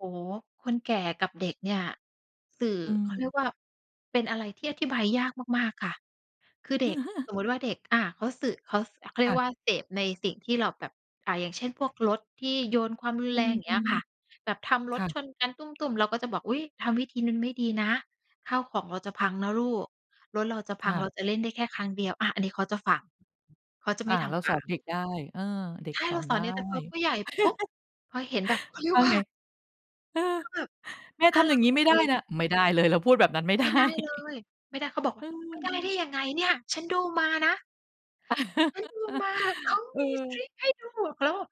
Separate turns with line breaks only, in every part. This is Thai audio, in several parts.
โอ้โฮ คนแก่กับเด็กเนี่ย สื่อ
อื
เขาเรี
ม
ยกว่า เป็นอะไรที่อธิบายยากมาก ๆ ค่ะ คือเด็ก สมมุติว่าเด็ก อ่า เขาสื่อ เขา เขาเร
ค
ี
่
ย
ะ
กว่าเสพในสิ่งที่เราแบบ อ่า อย่างเช่น พวกรถที่โยนความรุน
อื
แรง อย่างเงี้ย
ม
ค่ะ แบบทำ
ๆ
ร
ค
ถ
่
ช
ะ
นกันตุ้ม ๆ เราก็จะบอก "อุ๊ย ทำวิธีนั้นไม่ดีนะ ข้าวของเราจะพังนะลูก รถเราจะพ
ค
ัง
่
เร
ะ
าจะเล่นได้แค่ครั้งเดียว" อา อันนี้เขาจะฟัง เขาจะไ
อ
ม
า
่ท
เรา
ำค
สอ
่
น
ะ
เด็กได้ เออ เด็
ใ
ก
ช่
ส
เร
อ
า
น
ส
ได
อน
้
เด็ก แต่พอผู้ใหญ่ ปุ๊บ พอเห็นแบบ เขาเรีย
ว่
ก
า
ว่
ไง?
า
เออ
ถ้าแบบ
แม่
ถ
ท
้า
ำ
เร
อย่
า
างนี้
เอ
ไ
า
ม่
ไป
ได้นะ ไม่ได้เลยเราพูดแบบนั้นไม่ไ
ไ
ด
ม
้
่ได้เลย ไม่ได้ เขาบอก
เ
ว
อ
่
อ
า "ไม่ได้
เอ
ได
อ
้ยังไงเนี่ย ฉันดูมานะ" เขาดูมา เขา
เ
มีท
ออ
ริกให้ดู เขาแบบ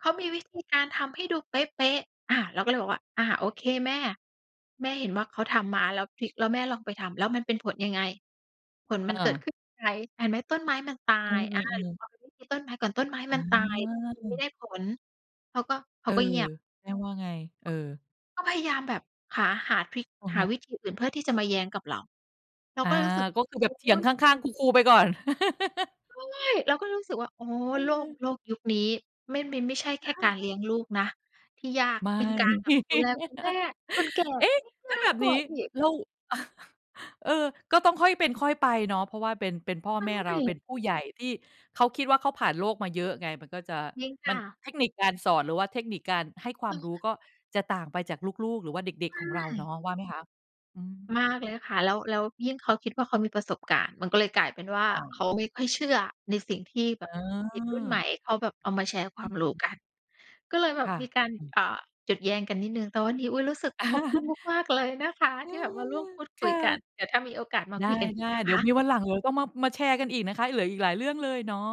เขามีวิธีการทำให้ดูเป๊ะ ๆ อา เราก็เลยบอกว่า "อ่า โอเคแม่ แม่เห็นว่าเขาทำมาแล้วทริก แล้วแม่ลองไปทำแล้วมันเป็นผลยังไง ผลม
อ
ันเกิดข
า
ึ้นไหม เห็นไหมต้นไม้มันตา
อื
ย อา
ม ๆ ๆ
พอมันวิกฤต ต้นไม้ก่อนต้นไม้
อ
มันตาย มันไม
า
่ได้ผล" เขาก็ เข
เอ
า
อ
ก็เงียบ
แม่ว่าไง? เออ
ก็พยายามแบบ หา หาทริก
อะ
ห
ฮ
า
ะ
วิธีอื่นเพื่อที่จะมาแย้งกับเรา เรา
อา
ก็เลยรู้สึก
ก็คือแ
โ
บ
อ
บเถีย
๊
ง
ย
ข้าง ๆ คู ๆ ไปก่อน
โอ๊ย เราก็รู้สึกว่า โอ้
อะ
โล
ฮ
ก
ะ
โลกยุคนี้ ไม่ มันไม่ใช่แค่
ข
การเล
า
ี้ยงลูกนะ ที่ยาก
ไม่
เป็นการแบบดูแลคุณแม่ คนแก่
เอ๊ะ
เลี้ยง
แล
ย
้ว
า
แบ
ก
บ
ก
น
ว
ี
่า
้
อีก
เรา เออ ก็ต้องค่อยเป็นค่อยไปเนาะ เพราะว่า เป็น เป็นพ่อ
ใช
แม่เรา เป็น
่
ผู้ใหญ่ที่เขาคิดว่าเขาผ่านโลกมาเยอะไง มันก็จะ
จริงค
มัน
่ะ
เทคนิคการสอน หรือว่าเทคนิคการให้ควา
เ
มร
ออ
ู้ก็จะต่างไปจากลูก ๆ หรือว่าเด็ก ๆ ของเรา
ใช
เนา
่
ะว่าไหมคะ? อืม
มากเลยค่ะ แล้ว แล้วยิ่งเขาคิดว่าเขามีประสบการณ์ มันก็เลยกลายเป็นว่า
อ
เ
า
ขาไม่ค่อยเชื่อในสิ่งที่แบ
อื
บเด็กรุ่นใหม
ม
่เขาแบบเอามาแชร์คว
อื
า
อ
มรู้
ฮึ
กัน ก็เลยแบ
ค
บ
่ะ
มีการ
อืม
อ่า หยุดแย้งกันนิดหนึ่ง แต่วันนี้ อุ๊ย รู้สึกขอบคุณมาก ๆ เลยนะคะ
เอ
ท
อ
ี่แบบมาร่วมพูด
ค
คุย
่ะ
กัน แต่ถ้ามีโอกาสมา
ได
คุยกันอีก
้
นะ
ๆ เด
ค
ี๋ยวม
ะ
ีวันหลัง เดี๋ยวต้อง มา มาแชร์กันอีกนะคะเหลืออีกหลายเรื่องเลยเนาะ